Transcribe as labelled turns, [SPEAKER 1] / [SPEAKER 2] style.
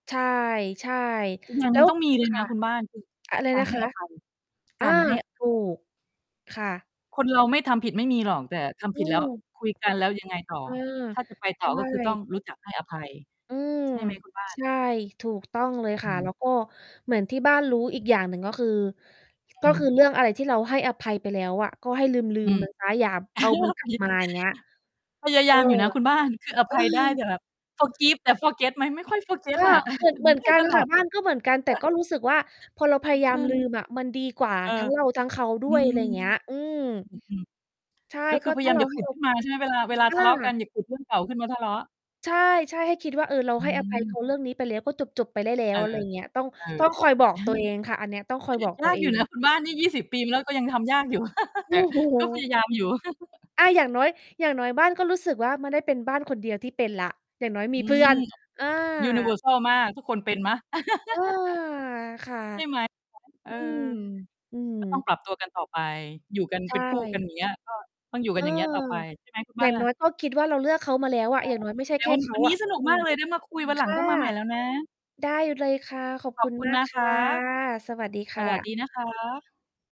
[SPEAKER 1] ใช่ ใช่
[SPEAKER 2] อีกอย่าง
[SPEAKER 1] แ
[SPEAKER 2] ห
[SPEAKER 1] ล
[SPEAKER 2] น
[SPEAKER 1] ้
[SPEAKER 2] ึ่ง
[SPEAKER 1] ว
[SPEAKER 2] ต้องมีเล
[SPEAKER 1] ค
[SPEAKER 2] ยน
[SPEAKER 1] ่ะ
[SPEAKER 2] ะคุณบ้าน คือ
[SPEAKER 1] อะไร
[SPEAKER 2] กา
[SPEAKER 1] น
[SPEAKER 2] ร
[SPEAKER 1] ะ
[SPEAKER 2] ให้
[SPEAKER 1] คะ?
[SPEAKER 2] อภัย
[SPEAKER 1] อ
[SPEAKER 2] ก
[SPEAKER 1] า
[SPEAKER 2] ารให้
[SPEAKER 1] ถูก ค่ะ
[SPEAKER 2] คนเราไม่ทำผิดไม่มีหรอก แต่ท
[SPEAKER 1] อ
[SPEAKER 2] ำผ
[SPEAKER 1] ื
[SPEAKER 2] ิดแล้
[SPEAKER 1] ม
[SPEAKER 2] ว คุยกันแล้วยังไงต่อ
[SPEAKER 1] อา
[SPEAKER 2] ถ้าจะไป
[SPEAKER 1] ใช
[SPEAKER 2] ต่อก็คือต้อง
[SPEAKER 1] ่
[SPEAKER 2] รู้จักให้อภัย
[SPEAKER 1] อืม
[SPEAKER 2] ใช่ไหมคุณบ้า
[SPEAKER 1] ใ
[SPEAKER 2] น?
[SPEAKER 1] ช่ ถูกต้องเลย
[SPEAKER 2] อ
[SPEAKER 1] ค
[SPEAKER 2] ื
[SPEAKER 1] ่ะ แล้
[SPEAKER 2] ม
[SPEAKER 1] วก็เหมือนที่บ้านรู้อีกอย่างหนึ่ง ก็คือ
[SPEAKER 2] อ
[SPEAKER 1] ก็
[SPEAKER 2] ื
[SPEAKER 1] ค
[SPEAKER 2] ม
[SPEAKER 1] ือเรื่องอะไรที่เราให้อภัยไปแล้วอะ ก็ให้ลื
[SPEAKER 2] อื
[SPEAKER 1] ม
[SPEAKER 2] ม
[SPEAKER 1] ๆ มันเสีย อย่า เอามันกลับ มาอย่างเงี้ย
[SPEAKER 2] [unintelligible] พยา
[SPEAKER 1] เอ
[SPEAKER 2] ย
[SPEAKER 1] อ
[SPEAKER 2] ามอยู่นะคุณบ้าน คืออ
[SPEAKER 1] เอ
[SPEAKER 2] ภ
[SPEAKER 1] อ
[SPEAKER 2] ัยได้ แต่แบบ forgive แต่ forget ไหม? ไม่ค่อย
[SPEAKER 1] ก
[SPEAKER 2] forget
[SPEAKER 1] ็
[SPEAKER 2] อะ
[SPEAKER 1] เหมือ
[SPEAKER 2] ถ
[SPEAKER 1] น
[SPEAKER 2] ึ
[SPEAKER 1] เ
[SPEAKER 2] ง
[SPEAKER 1] หมือน
[SPEAKER 2] ได้
[SPEAKER 1] กัน
[SPEAKER 2] ตล
[SPEAKER 1] ค่
[SPEAKER 2] อ
[SPEAKER 1] ะ
[SPEAKER 2] ด
[SPEAKER 1] บ
[SPEAKER 2] ส
[SPEAKER 1] ้
[SPEAKER 2] ิ
[SPEAKER 1] านก็เหมือนกัน แต่ก็รู้สึกว่า พอเราพ
[SPEAKER 2] อื
[SPEAKER 1] ย
[SPEAKER 2] อ
[SPEAKER 1] าย
[SPEAKER 2] เ
[SPEAKER 1] า
[SPEAKER 2] อ
[SPEAKER 1] มล
[SPEAKER 2] อ
[SPEAKER 1] ืมอะ มันดีกว่า
[SPEAKER 2] เออ
[SPEAKER 1] ทั้งเราทั้งเขาด
[SPEAKER 2] อื
[SPEAKER 1] ้วย
[SPEAKER 2] ม
[SPEAKER 1] อะไรอย่างเงี้ย อืม
[SPEAKER 2] อืม
[SPEAKER 1] ใช่
[SPEAKER 2] ๆ ก็คื
[SPEAKER 1] ก็
[SPEAKER 2] อพย
[SPEAKER 1] ถ
[SPEAKER 2] า
[SPEAKER 1] ้
[SPEAKER 2] ย
[SPEAKER 1] า
[SPEAKER 2] าม
[SPEAKER 1] เร
[SPEAKER 2] อย
[SPEAKER 1] า
[SPEAKER 2] ่า
[SPEAKER 1] ใ
[SPEAKER 2] ข
[SPEAKER 1] ห้
[SPEAKER 2] ุด
[SPEAKER 1] โอ
[SPEAKER 2] ขึ้นมาใช่ไหม? เวลา เวลา
[SPEAKER 1] อ
[SPEAKER 2] ทะเลาะกัน
[SPEAKER 1] า
[SPEAKER 2] อย่าขุด เรื่องเก่าขึ้นมาทะเลาะ
[SPEAKER 1] ใช่ ๆ ให้คิดว่า เออ เรา
[SPEAKER 2] อ
[SPEAKER 1] ให้อภัยเข
[SPEAKER 2] ืม
[SPEAKER 1] าเรื่องนี้ไปแล้ว ก็จบ ๆ ไปได้แล้
[SPEAKER 2] เอ
[SPEAKER 1] ว อะไร
[SPEAKER 2] อ
[SPEAKER 1] อย่างนี้ ต้อง
[SPEAKER 2] เอ
[SPEAKER 1] ต
[SPEAKER 2] อ
[SPEAKER 1] ้องคอยบอกตัวเองค่ะ อันเนี้ย ต้องคอยบอก
[SPEAKER 2] ย
[SPEAKER 1] ตั
[SPEAKER 2] า
[SPEAKER 1] ว
[SPEAKER 2] ก
[SPEAKER 1] เอ
[SPEAKER 2] อยู่น
[SPEAKER 1] ง
[SPEAKER 2] ะ คนบ้านนี่ 20 ปีแล้ว ก็ยังทำยากอยู่
[SPEAKER 1] โ
[SPEAKER 2] แ
[SPEAKER 1] อ
[SPEAKER 2] ต่
[SPEAKER 1] ้โ
[SPEAKER 2] ก็พ
[SPEAKER 1] ฮ!
[SPEAKER 2] ยายามอยู่
[SPEAKER 1] อา อย่างน้อย อย่างน้อยบ้านก็รู้สึกว่า ไม่ได้เป็นบ้านคนเดียวที่เป็นแล้ว อย่างน้อยมี
[SPEAKER 2] อื
[SPEAKER 1] เพื่
[SPEAKER 2] ม
[SPEAKER 1] อน อ
[SPEAKER 2] ยูนิเวอ
[SPEAKER 1] า
[SPEAKER 2] ร์ซัล มาก ทุกคนเป็นไหม?
[SPEAKER 1] เออ ค่ะ
[SPEAKER 2] ใช่ ไหม? เอ
[SPEAKER 1] อื
[SPEAKER 2] อ
[SPEAKER 1] ม อือฮ
[SPEAKER 2] ก็ ต้อง
[SPEAKER 1] ึ
[SPEAKER 2] ปรับตัวกันต่อไป อยู่กัน
[SPEAKER 1] ใช
[SPEAKER 2] เป็นคู่กัน
[SPEAKER 1] ่
[SPEAKER 2] อย่างเงี้ย ก็ ต้องอยู่
[SPEAKER 1] เ
[SPEAKER 2] ก
[SPEAKER 1] อ
[SPEAKER 2] ัน
[SPEAKER 1] อ
[SPEAKER 2] อย่างเงี้ยต่อไป ใช่ไหม คุณ
[SPEAKER 1] อย
[SPEAKER 2] บ
[SPEAKER 1] ่
[SPEAKER 2] ้า
[SPEAKER 1] างน้
[SPEAKER 2] น?
[SPEAKER 1] อยก็คิดว่า เราเลือกเขามาแล้วอะ
[SPEAKER 2] ค่
[SPEAKER 1] อ
[SPEAKER 2] ะ
[SPEAKER 1] ย่างน้อยไม่ใช่
[SPEAKER 2] แต่
[SPEAKER 1] แค่
[SPEAKER 2] วัน
[SPEAKER 1] เข
[SPEAKER 2] ว
[SPEAKER 1] า
[SPEAKER 2] ันนี
[SPEAKER 1] อ
[SPEAKER 2] ้
[SPEAKER 1] ะ
[SPEAKER 2] สนุก
[SPEAKER 1] อื
[SPEAKER 2] มาก
[SPEAKER 1] ม
[SPEAKER 2] เลย ได้มาคุย วัน
[SPEAKER 1] ค
[SPEAKER 2] หลัง
[SPEAKER 1] ่ะ
[SPEAKER 2] ต้องมาใหม่แล้วนะ
[SPEAKER 1] ได้เลยค่ะ ขอบ
[SPEAKER 2] ข
[SPEAKER 1] ค
[SPEAKER 2] อ
[SPEAKER 1] ุ
[SPEAKER 2] บ
[SPEAKER 1] ณ
[SPEAKER 2] คุ
[SPEAKER 1] ม
[SPEAKER 2] ณ
[SPEAKER 1] าก
[SPEAKER 2] นะ
[SPEAKER 1] ค
[SPEAKER 2] ค
[SPEAKER 1] ่ะ
[SPEAKER 2] ะ
[SPEAKER 1] สวัสดีค
[SPEAKER 2] ส
[SPEAKER 1] ่
[SPEAKER 2] วัสด
[SPEAKER 1] ะ
[SPEAKER 2] ีนะคะ